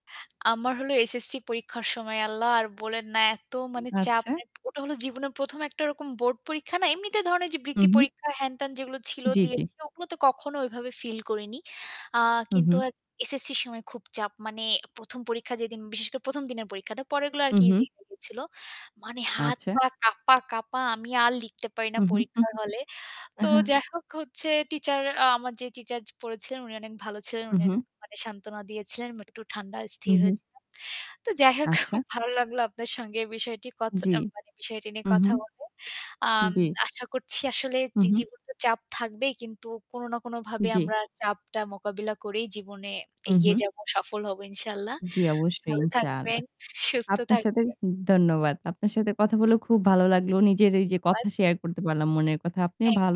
আমার হল এসএসসি পরীক্ষার সময় আল্লাহ আর বলেন না এত মানে চাপ। আচ্ছা। অ্যা ওটা হল জীবনের ১ম একটা রকম বোর্ড পরীক্ষা না এমনিতে ধরনের ওইযে হু, বৃত্তি হু। পরীক্ষা হ্যান-ত্যান যেগুলো ছিল জ্বী, জ্বী। দিয়েছি ওগুলো তো কখনো ওইভাবে ফিল করিনি। আ হু, কিন্তু হু। আর এসএসসির সময় খুব চাপ মানে ১ম পরীক্ষা যেদিন বিশেষ করে প্রথম দিনের পরীক্ষাটা পরগুলো হু, আরকি easy হু। হয়ে গিয়েছিল। মানে হাত আচ্ছা। পা কাঁপা-কাঁপা আমি আর লিখতে পারি না হু, হু, হু, পরীক্ষার হলে। তো হু। যাই হোক হচ্ছে টিচার আমার যে টিচার পড়েছিলেন উনি অনেক ভালো ছিলেন। হু, উনি হু। অনেক সান্ত্বনা দিয়েছিলেন। একটু ঠান্ডা হু, স্থির হু। হয়েছিলাম। তো যাই হোক আচ্ছা। খুব ভালো লাগলো আপনার সঙ্গে বিষয়টি কথ জ্বি, অ্যা মানে বিষয়টি নিয়ে উহু। কথা বলে। আম জ্বী। আশা করছি আসলে হু, জি হু। জীবনের চাপ থাকবেই কিন্তু কোন না কোন ভাবে জ্বী। আমরা চাপটা মোকাবিলা করেই জীবনে হু, এগিয়ে হু। যাব, সফল হব ইনশাআল্লাহ। জ্বি অবশ্যই। ভালো থাকবেন, ইনশাআল্লাহ। সুস্থ আপনার সাথে থাকবেন। ধন্যবাদ। আপনার সাথে কথা বলে খুব ভালো লাগলো। নিজের এই যে কথা ধন্যবাদ। শেয়ার করতে পারলাম, মনের কথা। আপনিও থ্যাংক ভালো